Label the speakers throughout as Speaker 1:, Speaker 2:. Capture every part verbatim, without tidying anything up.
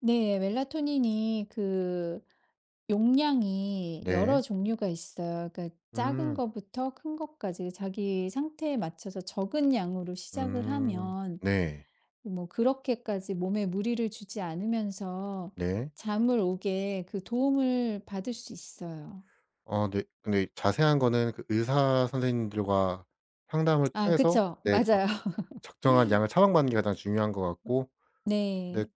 Speaker 1: 네. 멜라토닌이 그 용량이 여러
Speaker 2: 네.
Speaker 1: 종류가 있어요. 그러니까 작은
Speaker 2: 음.
Speaker 1: 거부터 큰 거까지 자기의 상태에 맞춰서 적은 양으로 시작을
Speaker 2: 음.
Speaker 1: 하면
Speaker 2: 네.
Speaker 1: 뭐 그렇게까지 몸에 무리를 주지 않으면서
Speaker 2: 네.
Speaker 1: 잠을 오게 그 도움을 받을 수 있어요.
Speaker 2: 어 네. 근데 이 자세한 거는 그 의사 선생님들과 상담을
Speaker 1: 아
Speaker 2: 통해서
Speaker 1: 그쵸.
Speaker 2: 네 적
Speaker 1: 맞아요.
Speaker 2: 적정한 양을 처방받는 게 가장 중요한 것 같고 네
Speaker 1: 네.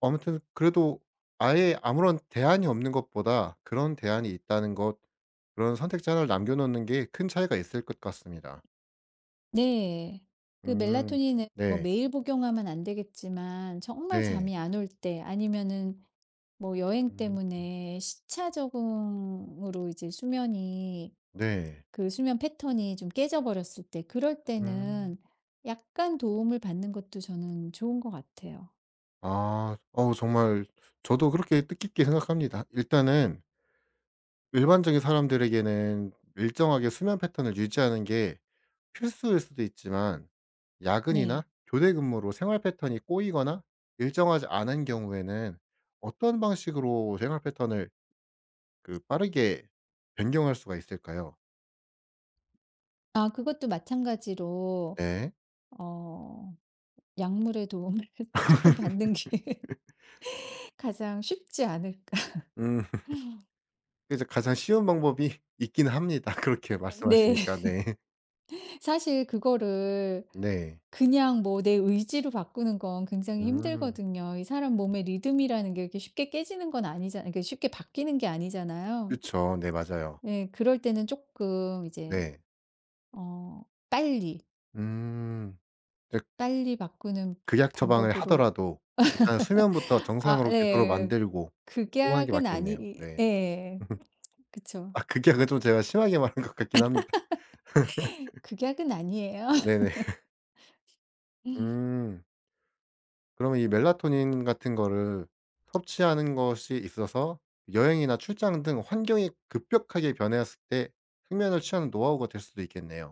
Speaker 2: 아무튼 그래도 아예 아무런 대안이 없는 것보다 그런 대안이 있다는 것 그런 선택지 하나 를 남겨 놓는 게 큰 차이가 있을 것 같습니다.
Speaker 1: 네. 그
Speaker 2: 음.
Speaker 1: 멜라토닌은 뭐
Speaker 2: 네.
Speaker 1: 매일 복용하면 안 되겠지만 정말
Speaker 2: 네.
Speaker 1: 잠이 안 올 때 아니면은 뭐 여행
Speaker 2: 음.
Speaker 1: 때문에 시차 적응으로 이제 수면이
Speaker 2: 네.
Speaker 1: 그 수면 패턴이 좀 깨져버렸을 때 그럴
Speaker 2: 음.
Speaker 1: 때는 약간 도움을 받는 것도 저는 좋은 것 같아요.
Speaker 2: 아. 어우 정말 저도 그렇게 뜻깊게 생각합니다. 일단은 일반적인 사람들에게는 일정하게 수면 패턴을 유지하는 게 필수일 수도 있지만
Speaker 1: 네.
Speaker 2: 야근이나 교대 근무로 생활 패턴이 꼬이거나 일정하지 않은 경우에는 어떤 방식으로 생활 패턴을 그 빠르게 변경할 수가 있을까요?
Speaker 1: 아 그것도 마찬가지로
Speaker 2: 네.
Speaker 1: 어 약물의 도움을 조금 받는 게 가장 쉽지 않을까
Speaker 2: 음. 그죠 가장 쉬운 방법이 있기는 합니다 그렇게
Speaker 1: 아 네.
Speaker 2: 말씀하시니까. 네.
Speaker 1: 사실 그거를
Speaker 2: 네.
Speaker 1: 그냥 뭐 내 의지로 바꾸는 건 굉장히
Speaker 2: 음.
Speaker 1: 힘들거든요. 이 사람 몸의 리듬이라는 게 그렇게 쉽게 깨지는 건 아니잖 그 쉽게 바뀌는 게 아니잖아요.
Speaker 2: 그쵸. 네 맞아요.
Speaker 1: 예. 그럴 때는 쪼끔 이제
Speaker 2: 네.
Speaker 1: 어 빨리
Speaker 2: 음 댁
Speaker 1: 빨리 바꾸는
Speaker 2: 극약 처방을
Speaker 1: 방법으로
Speaker 2: 하더라도 일단 수면부터
Speaker 1: 아
Speaker 2: 정상으로 되도록
Speaker 1: 예.
Speaker 2: 만들고 그러고 하는 게
Speaker 1: 극약은
Speaker 2: 맞겠네요.
Speaker 1: 아니
Speaker 2: 네.
Speaker 1: 예 그쵸.
Speaker 2: 아 극약은 좀 제가 심하게 말한 것 같기는 합니다.
Speaker 1: 극약은 아니에요.
Speaker 2: 네네. 음. 그러면 이 멜라토닌 같은 거를 섭취하는 것이 있어서 여행이나 출장 등 환경이 급격하게 변했을 때 숙면을 취하는 노하우가 될 수도 있겠네요.